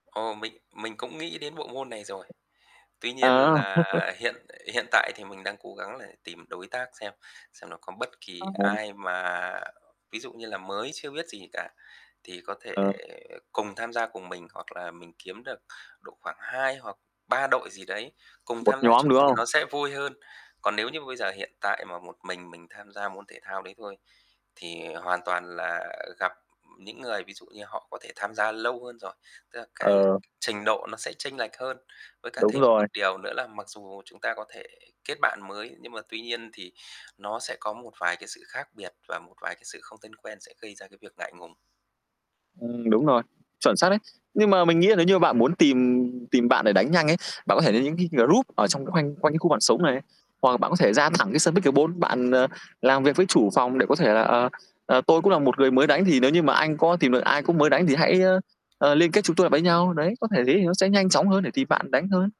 Ồ, mình mình cũng nghĩ đến bộ môn này rồi. Tuy nhiên À. là hiện hiện tại thì mình đang cố gắng là tìm đối tác xem xem nó có bất kỳ [unintelligible] ai mà ví dụ như là mới chưa biết gì cả, thì có thể Ờ. cùng tham gia cùng mình. Hoặc là mình kiếm được độ khoảng 2 hoặc 3 đội gì đấy, cùng Một tham gia nhóm, chung đúng thì hông? nó sẽ vui hơn. Còn nếu như bây giờ hiện tại mà một mình mình tham gia môn thể thao đấy thôi, thì hoàn toàn là gặp những người ví dụ như họ có thể tham gia lâu hơn rồi, tức là cái Ờ. trình độ nó sẽ chênh lệch hơn. Với cả Đúng thêm rồi. một điều nữa là mặc dù chúng ta có thể kết bạn mới nhưng mà tuy nhiên thì nó sẽ có một vài cái sự khác biệt và một vài cái sự không thân quen sẽ gây ra cái việc ngại ngùng. Ừm, đúng rồi. Chuẩn xác đấy. Nhưng mà mình nghĩ là nếu như bạn muốn tìm tìm bạn để đánh nhanh ấy, bạn có thể đến những cái group ở trong khoanh quanh cái khu bạn sống này. Hoặc là bạn có thể ra thẳng cái sân pickleball, bạn, ờ, làm việc với chủ phòng để có thể là "Ờ, ờ, tôi cũng là một người mới đánh thì nếu như mà anh có tìm được ai cũng mới đánh thì hãy, ơ, liên kết chúng tôi lại với nhau.", đấy, có thể thế thì nó sẽ nhanh chóng hơn để tìm bạn đánh hơn.